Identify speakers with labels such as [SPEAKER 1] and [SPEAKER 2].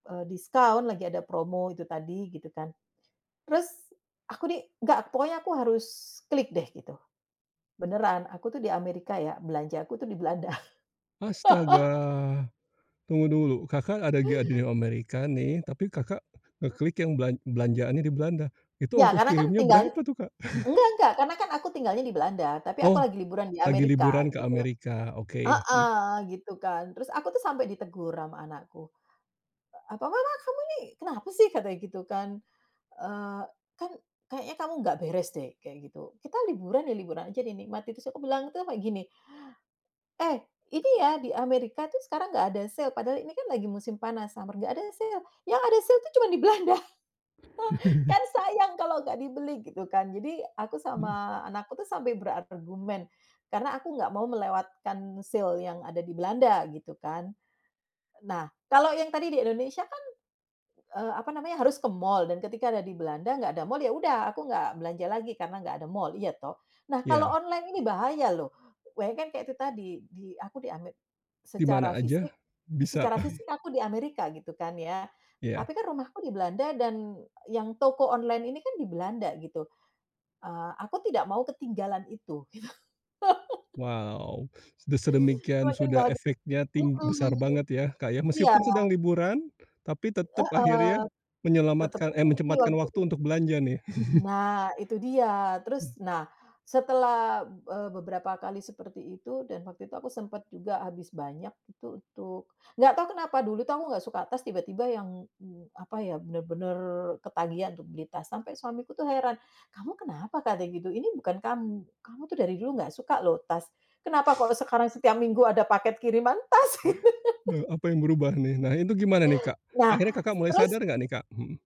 [SPEAKER 1] Eee, diskon, lagi ada promo itu tadi, gitu kan. Terus, aku di enggak, pokoknya aku harus klik deh, gitu. Benaran, aku tuh di Amerika ya, belanjaku tuh di Belanda.
[SPEAKER 2] Astaga. tunggu dulu, Kakak ada lagi di Amerika nih tapi kakak ngeklik yang belan belanjaannya di Belanda, itu
[SPEAKER 1] Iya,
[SPEAKER 2] ongkos
[SPEAKER 1] karena kan
[SPEAKER 2] kirimnya
[SPEAKER 1] tinggalnya
[SPEAKER 2] berapa tuh, Kak?
[SPEAKER 1] enggak enggak, karena aku tinggalnya di Belanda, tapi aku
[SPEAKER 2] Oh
[SPEAKER 1] lagi liburan di
[SPEAKER 2] lagi
[SPEAKER 1] Amerika,
[SPEAKER 2] liburan ke
[SPEAKER 1] gitu
[SPEAKER 2] Amerika. Oke, hmm.
[SPEAKER 1] heeh, gitu kan. Terus aku tuh sampai ditegur ama anakku, apa, "Mamah kamu ini kenapa sih?" katanya, gitu kan. Eee, kan. "Kayanya kamu enggak beres deh." Kaya gitu. "Kita liburan ya liburan aja, dinikmati." Terus aku bilang, itu sampe gini, "Eh ini ya, di Amerika tuh sekarang enggak ada sale, padahal ini kan lagi musim panas, summer, enggak ada sale. Yang ada sale itu cuma di Belanda. Kan sayang kalau enggak dibeli," gitu kan. Jadi aku
[SPEAKER 2] Mhm.
[SPEAKER 1] sama anakku sampai berargumen karena aku enggak mau melewatkan sale yang ada di Belanda, gitu kan. Nah, kalau yang tadi di Indonesia kan, eee, apa namanya, harus ke mall. Dan ketika ada di Belanda enggak ada mall, ya udah aku enggak belanja lagi, karena enggak ada mall, iya toh. Nah, kalau
[SPEAKER 2] Iya.
[SPEAKER 1] online ini bahaya loh. Bayangkan kayak itu tadi, di aku Ame
[SPEAKER 2] Di
[SPEAKER 1] secara
[SPEAKER 2] mana
[SPEAKER 1] fisik
[SPEAKER 2] aja, bisa.
[SPEAKER 1] secara fisik aku di Amerika, gitu kan ya.
[SPEAKER 2] Iya.
[SPEAKER 1] Tapi kan rumahku di Belanda, dan yang toko online ini kan di Belanda, gitu. Eh, aku tidak mau ketinggalan itu, gitu.
[SPEAKER 2] Wow, sudah sedemikian,
[SPEAKER 1] Semakin
[SPEAKER 2] sudah
[SPEAKER 1] baha
[SPEAKER 2] efeknya ting
[SPEAKER 1] heeh.
[SPEAKER 2] besar banget ya, Kak, ya.
[SPEAKER 1] Iya.
[SPEAKER 2] Meskipun sedang liburan, tapi tetap akhirnya
[SPEAKER 1] Heeh. Tetep.
[SPEAKER 2] menyelamatkan, eh, menyempatkan waktu
[SPEAKER 1] [unintelligible]
[SPEAKER 2] untuk belanja, nih.
[SPEAKER 1] Nah, itu dia. Terus,
[SPEAKER 2] Mhm.
[SPEAKER 1] nah, setelah, eee, be-beberapa kali seperti itu, dan waktu itu aku sempat juga habis banyak. Itu untuk, enggak tahu kenapa dulu kamu enggak suka tas, tiba-tiba yang yang apa ya, benar-benar ketagihan untuk beli tas sampai suamiku tuh heran, 'Kamu kenapa?' katanya, gitu. "Ini bukan kamu, kamu tuh dari dulu enggak suka loh tas, kenapa kok sekarang setiap
[SPEAKER 2] Iya.
[SPEAKER 1] minggu ada paket kiriman tas?" Gitu
[SPEAKER 2] Nah, apa yang berubah nih? Nah itu gimana nih, Kak?
[SPEAKER 1] Nah,
[SPEAKER 2] Akhirnya Kakak mulai
[SPEAKER 1] terus
[SPEAKER 2] sadar enggak nih, Kak? Hmm.